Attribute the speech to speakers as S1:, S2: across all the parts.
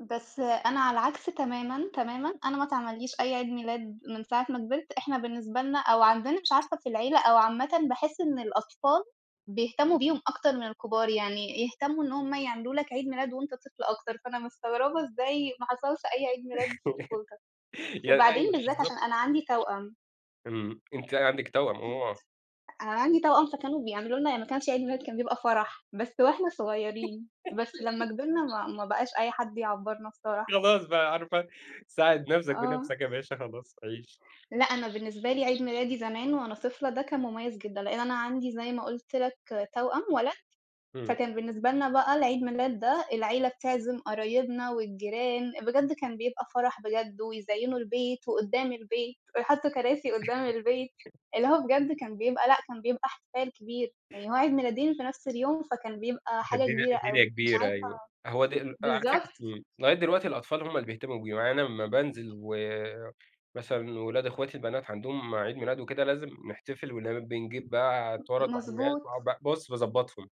S1: بس أنا على العكس تمامًا، تمامًا أنا ما اتعمليش أي عيد ميلاد من ساعة ما كبِرت، إحنا بالنسبة لنا أو عندنا مش عارفة في العيلة أو عامةً بأحس إن الأطفال بيهتموا بيهم أكتر من الكبار، يعني يهتموا إن هم يعملوا لك عيد ميلاد وأنت طفل أكتر، فأنا مستغربة إزاي ما حصلش أي عيد ميلاد في طفولتك،
S2: يع
S1: وبعدين
S2: أيوه،
S1: بالذات عشان
S2: بالضبط.
S1: أنا عندي توأم.
S2: امم، أنتِ عندِك توأم، آه.
S1: [unintelligible] أنا عندي توأم فكانوا بيعملوا لنا يعني ما كانش عيد ميلاد كان بيبقى فرَح، بس وإحنا صغيرين، بس لمّا كبرنا ما ما بقاش أي حد يعبّرنا بصراحة.
S2: خلاص بقى عارفة، ساعد نفسك
S1: آه.
S2: بنفسك يا باشا خلاص، عيش.
S1: لأ أنا بالنسبة لي عيد ميلادي زمان وأنا طفلة ده كان مميز جدًا، لأن أنا عندي زي ما قلت لك توأم ولد،
S2: امم.
S1: فكان بالنسبة لنا بقى العيد ميلاد ده العيلة بتعزم قرايبنا والجيران، بجد كان بيبقى فرَح بجد، ويزيّنوا البيت وقدّام البيت ويحطوا كراسي قدّام البيت، اللي هو بجد كان بيبقى لأ كان بيبقى احتفال كبير، يعني هو عيد ميلادين في نفس اليوم، فكان بيبقى
S2: ده
S1: حاجة
S2: الدنيا
S1: كبيرة أوي،
S2: الدنيا
S1: مش
S2: كبيرة
S1: عارفة
S2: أيوه، هو د على
S1: بالضبط.
S2: فكرة امم، لغاية دلوقتي الأطفال هم اللي بيهتموا بيهم، يعني أنا لمّا بانزل و مثلًا ولاد اخواتي البنات عندهم عيد ميلاد وكده، لازم نحتفل ونبقى بنجيب بقى
S1: م
S2: تورَتْ وحاجات
S1: مضبوط.
S2: وأ بُصّ، باضّبطهم.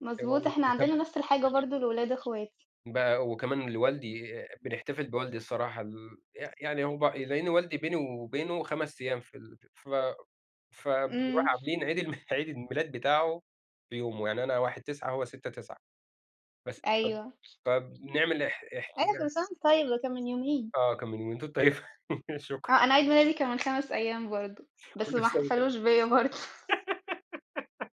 S1: مضبوط، إحنا عندنا نفس الحاجة
S2: [unintelligible]
S1: برضه لولاد اخواتي.
S2: بقى وكمان لوالدي بنحتفل بوالدي الصراحة، ال ي يعني هو ب لأن والدي بيني وبينه 5 أيّام في ال ف فبارُوح
S1: امم.
S2: عاملين عيد الم عيد الميلاد بتاعُه في يومُه يعني أنا 1/9 وهو 6/9 بس فب
S1: أيوه.
S2: فبنعمل اح
S1: إيه ده! كل
S2: يعني
S1: سنة وأنت طيب ده كان من يومين.
S2: آه، كان من [unintelligible] شكرًا.
S1: آه، أنا عيد ميلادي كان من 5 أيّام برضه، بس
S2: كل
S1: ما
S2: سنة وأنت
S1: احتفلوش بيا برضه.